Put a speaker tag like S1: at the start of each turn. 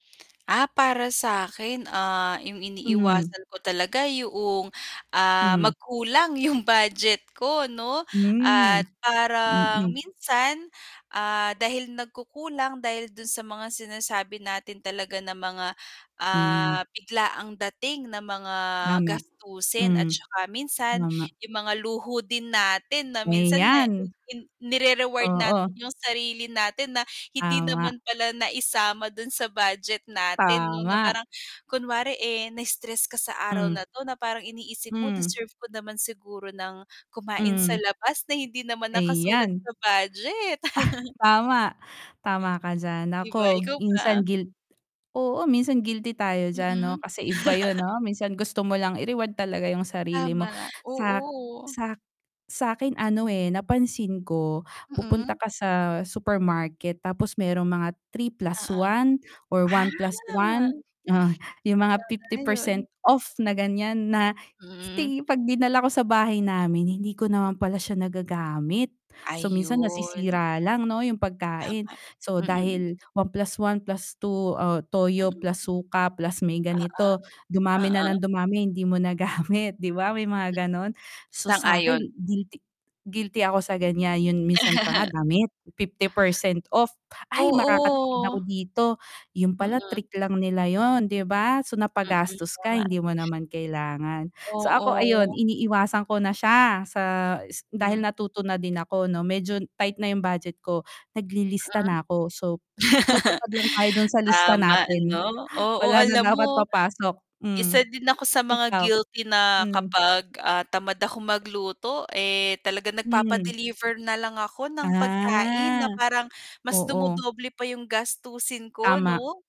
S1: Ah, para sa'kin, ah, 'yung
S2: Mhm.
S1: iniiwasan ko talaga yaong, ah,
S2: Mhm.
S1: magkulang yung budget ko, 'no, at
S2: Hmm,
S1: parang
S2: mm.
S1: minsan, ah, dahil nagkukulang dahil dun sa mga sinasabi natin talaga na mga, ah,
S2: Hmm.
S1: biglaang dating ng mga
S2: Tama,
S1: gastusin, at
S2: mm,
S1: 'tsaka minsan
S2: tama,
S1: yung mga luho din natin na minsan na i
S2: Ayan.
S1: in nire-reward natin
S2: Oo.
S1: yung sarili natin na hindi
S2: Tama.
S1: naman pala naisama dun sa budget natin, 'no, na
S2: Tama.
S1: parang kunware, eh, na-stress ka sa araw
S2: Hmm.
S1: na, 'to, na parang iniisip mo,
S2: Hmm.
S1: deserve ko naman siguro ng kumain sa
S2: Mhm.
S1: labas na hindi naman nakasulat
S2: Ayan.
S1: sa budget.
S2: Tama, tama ka d'yan,
S1: 'Di ba,
S2: ako
S1: ikaw
S2: minsan
S1: ba?
S2: guilt oo, minsan guilty tayo diyan, 'no,
S1: Mm.
S2: kasi iba yun, 'no, minsan gusto mo lang i-reward talaga 'yung sarili mo
S1: Tama,
S2: sak
S1: oo.
S2: sak sa'kin, ano, eh, napansin ko, pupunta
S1: Mm.
S2: ka sa supermarket, tapos may mga three plus
S1: Oo,
S2: one or
S1: ah,
S2: 1+1, ah, yung mga fifty
S1: sana
S2: percent
S1: yun.
S2: off na, gan'yan, na
S1: Hmm.
S2: sti 'pag dinala ko sa bahay namin, hindi ko naman pala siya nagagamit. So, minsan
S1: Ayun.
S2: nasisira lang 'no, yung pagkain.
S1: Tama,
S2: So,
S1: mm.
S2: dahil 1+1+2, toyo,
S1: Mm.
S2: plus suka, plus may
S1: Oo,
S2: ganito, dumami na
S1: oo.
S2: ng dumami hindi mo nagamit, 'di ba, may mga, gano'n. So, sa'kin
S1: Sang-ayon.
S2: guilty guilty ako sa, gan'yan. 'Yun minsan pa nga damit, 50% off, ay makakatipid
S1: Oo.
S2: ako dito, 'yun pala
S1: Mm.
S2: trick lang nila, 'yun, 'di ba. So,
S1: Mm,
S2: napagastos ka,
S1: tama.
S2: hindi mo naman kailangan, so, ako ayun
S1: Oo.
S2: iniiwasan ko na siya sa s
S1: Hmm.
S2: dahil natuto na din ako, 'no, medyo tight na yung budget ko.
S1: Ah, ah,
S2: Naglilista na 'ko, so, tutupad lang tayo dun sa lista
S1: tama,
S2: natin,
S1: ano. Oo
S2: wala na
S1: alam
S2: dapat
S1: mo,
S2: papasok hmm,
S1: isa din ako sa mga
S2: ikaw?
S1: guilty na
S2: Hmm.
S1: kapag, ah, tamad ako magluto, eh, talaga
S2: Mhm.
S1: nagpapa-deliver na lang ako ng pagkain
S2: Ah,
S1: na parang mas
S2: oo.
S1: dumodoble pa yung gastusin ko,
S2: Tama.
S1: 'no?